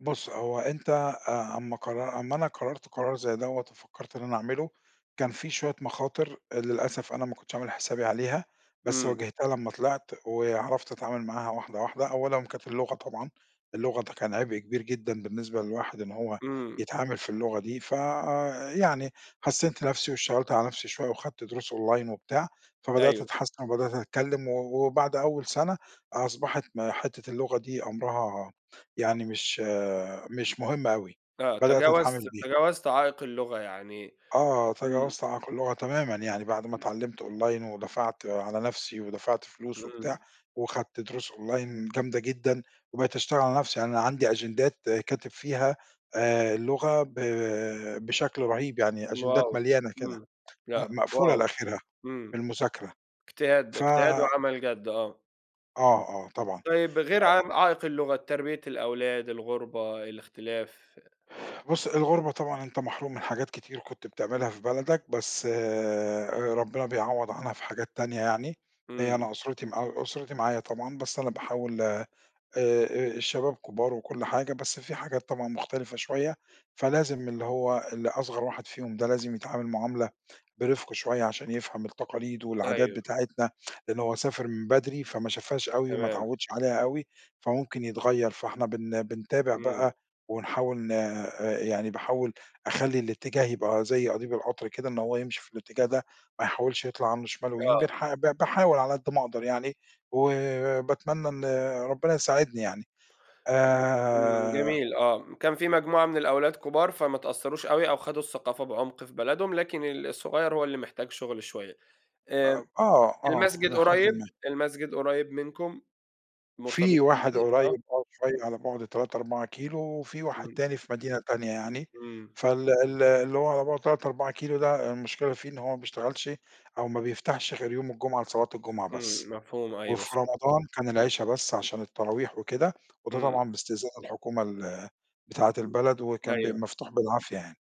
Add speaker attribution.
Speaker 1: بُص هو أنت، آآ أما قرر أما أنا قررت قرار زي دوَّة وفكرت إن أنا أعمله، كان في شوية مخاطر آآ للأسف أنا ما كنتش عامل حسابي عليها، بس
Speaker 2: إمم.
Speaker 1: واجهتها لمّا طلعت وعرفت أتعامل معاها واحدة واحدة. أولًا كانت اللغة طبعًا، اللغة ده كان عبء كبير جدًا بالنسبة للواحد، إن هو
Speaker 2: إمم.
Speaker 1: يتعامل في اللغة دي. ف آآ يعني حسّنت نفسي، واشتغلت على نفسي شوية، وخدت دروس أونلاين وبتاع، فبدأت
Speaker 2: أيوه.
Speaker 1: أتحسن وبدأت أتكلم و وبعد أول سنة، أصبحت م حتّة اللغة دي أمرها
Speaker 2: أ
Speaker 1: يعني مش مش مهم أوي، بدأت أتعامل
Speaker 2: فتجاوزت
Speaker 1: بيها.
Speaker 2: تجاوزت عائق اللغة يعني
Speaker 1: آه،
Speaker 2: إمم.
Speaker 1: تجاوزت عائق اللغة تمامًا. يعني بعد ما
Speaker 2: إمم.
Speaker 1: اتعلّمت أونلاين، ودفعت على نفسي ودفعت فلوس وبتاع،
Speaker 2: إمم.
Speaker 1: وخدت دروس أونلاين جامدة جدًا، وبقيت أشتغل على نفسي. يعني أنا عندي أجندات كاتب فيها آآ اللغة ب بشكل رهيب يعني، أجندات
Speaker 2: wow!
Speaker 1: مليانة كده،
Speaker 2: إمم
Speaker 1: آآ
Speaker 2: لأ،
Speaker 1: مقفولة
Speaker 2: wow!
Speaker 1: لآخرها
Speaker 2: إمم
Speaker 1: بالمذاكرة.
Speaker 2: اجتهاد ده،
Speaker 1: ف
Speaker 2: اجتهاد وعمل جد، آه.
Speaker 1: آه آه طبعًا
Speaker 2: طيب غير
Speaker 1: آآ.
Speaker 2: ع عائق اللغة، تربية الأولاد، الغربة، الاختلاف.
Speaker 1: بُص، الغربة طبعًا أنت محروم من حاجات كتير كنت
Speaker 2: إمم.
Speaker 1: بتعملها في بلدك، بس آآ ربنا بيعوض عنها في حاجات تانية يعني. آآ،
Speaker 2: إمم.
Speaker 1: أنا أسرتي مع أسرتي معايا طبعًا، بس أنا باحاول، آآ، آآ الشباب كبار وكل حاجة، بس في حاجات طبعًا مُختلفة شوية، فلازم اللي هو اللي أصغر واحد فيهم ده لازم يتعامل معاملة برفق شوية عشان يفهم التقاليد والعادات
Speaker 2: أيوه.
Speaker 1: بتاعتنا، لأن هو سافر من بدري، فما شافهاش أوي وما
Speaker 2: تمام.
Speaker 1: اتعودش عليها أوي، فممكن يتغيّر. فإحنا بن بنتابع
Speaker 2: إمم.
Speaker 1: بقى، ونحاول ن آآ يعني باحاول أخلي الاتجاه يبقى زي قضيب القطر كده، إن هو يمشي في الاتجاه ده، ما يحاولش يطلع عنه شمال ويمين،
Speaker 2: آه.
Speaker 1: بنح ب باحاول على قد ما أقدر يعني، وباتمنى إن ربنا يساعدني يعني
Speaker 2: إمم، إمم،
Speaker 1: آآ
Speaker 2: جميل آه، كان في مجموعة من الأولاد كبار فما اتأثروش أوي أو خدوا الثقافة بعمق في بلدهم، لكن ال الصغير هو اللي محتاج شغل شوية،
Speaker 1: أ
Speaker 2: آآ
Speaker 1: آه آه،
Speaker 2: المسجد
Speaker 1: إلى حدٍ ما.
Speaker 2: قريب المسجد قريب منكم؟
Speaker 1: في
Speaker 2: مرتبطين
Speaker 1: واحد
Speaker 2: بيه، آه.
Speaker 1: قريب آه شوية على بُعد 3، 4 كيلو وفي واحد
Speaker 2: إمم.
Speaker 1: تاني في مدينة تانية يعني،
Speaker 2: إمم.
Speaker 1: فال ال اللي هو على بُعد 3، 4 كيلو ده المشكلة فيه إن هو ما بيشتغلش أو ما بيفتحش غير يوم الجمعة لصلاة الجمعة
Speaker 2: إمم،
Speaker 1: بس،
Speaker 2: مفهوم، أيوه
Speaker 1: وفي
Speaker 2: ص
Speaker 1: رمضان كان العشا بس عشان التراويح وكده وده
Speaker 2: إمم.
Speaker 1: طبعًا باستئذان الحكومة ال بتاعة البلد وكان بيبقى
Speaker 2: أيوه.
Speaker 1: مفتوح بالعافية يعني.